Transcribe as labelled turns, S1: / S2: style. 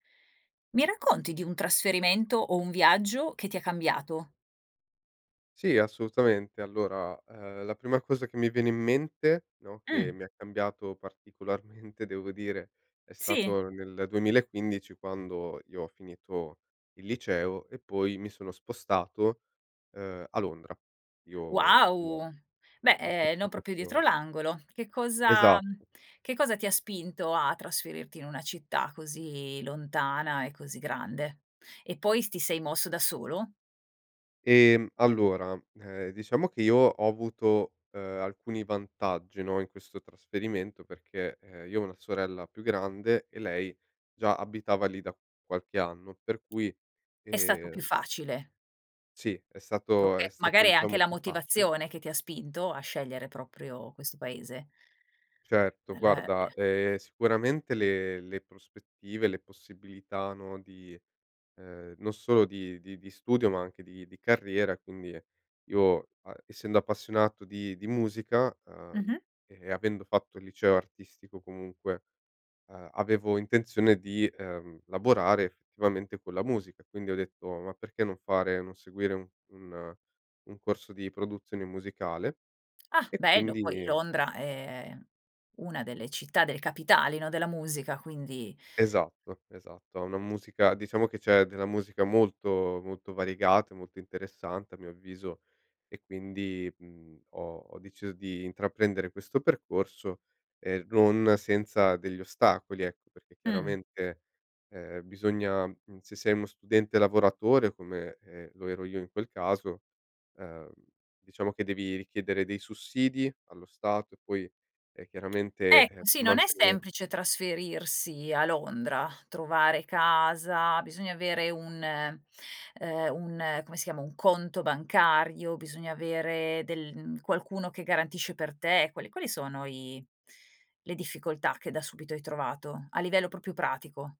S1: Mi racconti di un trasferimento o un viaggio che ti ha cambiato?
S2: Sì, assolutamente. Allora, ehm, la prima cosa che mi viene in mente, no, che
S1: Mh.
S2: mi ha cambiato particolarmente, devo dire, è
S1: Sì.
S2: stato nel 2015 quando io ho finito il liceo e poi mi sono spostato, ehm, a Londra. Io, no,
S1: Wow. Beh,
S2: ho
S1: ehm,
S2: fatto
S1: non proprio dietro
S2: questo
S1: l'angolo. Che cosa
S2: Esa
S1: che cosa ti ha spinto a trasferirti in una città così lontana e così grande? E poi s ti sei mosso da solo?
S2: Ehm, allora, ehm, diciamo che io ho avuto, ehm, alcuni vantaggi, no, in questo trasferimento perché, ehm, io ho una sorella più grande e lei già abitava lì da qualche anno, per cui,
S1: È stato più
S2: ehm
S1: facile.
S2: sì, è stato
S1: Oka
S2: è stato,
S1: magari è anche
S2: diciamo,
S1: la
S2: più facile.
S1: motivazione che ti ha spinto a scegliere proprio questo paese.
S2: Certo,
S1: È l
S2: guarda,
S1: eh.
S2: ehm, sicuramente le le prospettive, le possibilità, no, di ehm, non solo di di di studio, ma anche di di carriera, quindi io, a essendo appassionato di di musica, ehm,
S1: Mh-mh.
S2: e avendo fatto il liceo artistico comunque, ehm, avevo intenzione di, ehm, lavorare, effettivamente, con la musica. Quindi ho detto: "Ma perché non fare non seguire u un un corso di produzione musicale?"
S1: Ah,
S2: e
S1: bello, poi
S2: quindi
S1: Londra è una delle città delle capitali, no, della musica, quindi.
S2: Esatto, esatto. Ha una musica diciamo che c'è della musica molto, molto variegata e molto interessante, a mio avviso, e quindi, mhmm, ho ho deciso di intraprendere questo percorso, ehm, non senza degli ostacoli, ecco, perché,
S1: Mh.
S2: chiaramente, ehm, bisogna mhmm, se sei uno studente lavoratore come, ehm, lo ero io in quel caso, ehm, diciamo che devi richiedere dei sussidi allo Stato, e poi,e eh, chiaramente, ehm,
S1: Ecco, sì,
S2: per
S1: non è
S2: mantenere
S1: semplice trasferirsi a Londra, trovare casa, bisogna avere un ehm, un come si chiama, un conto bancario, bisogna avere del mhmm, qualcuno che garantisce per te, quali quali sono i le difficoltà che da subito hai trovato, a livello proprio pratico?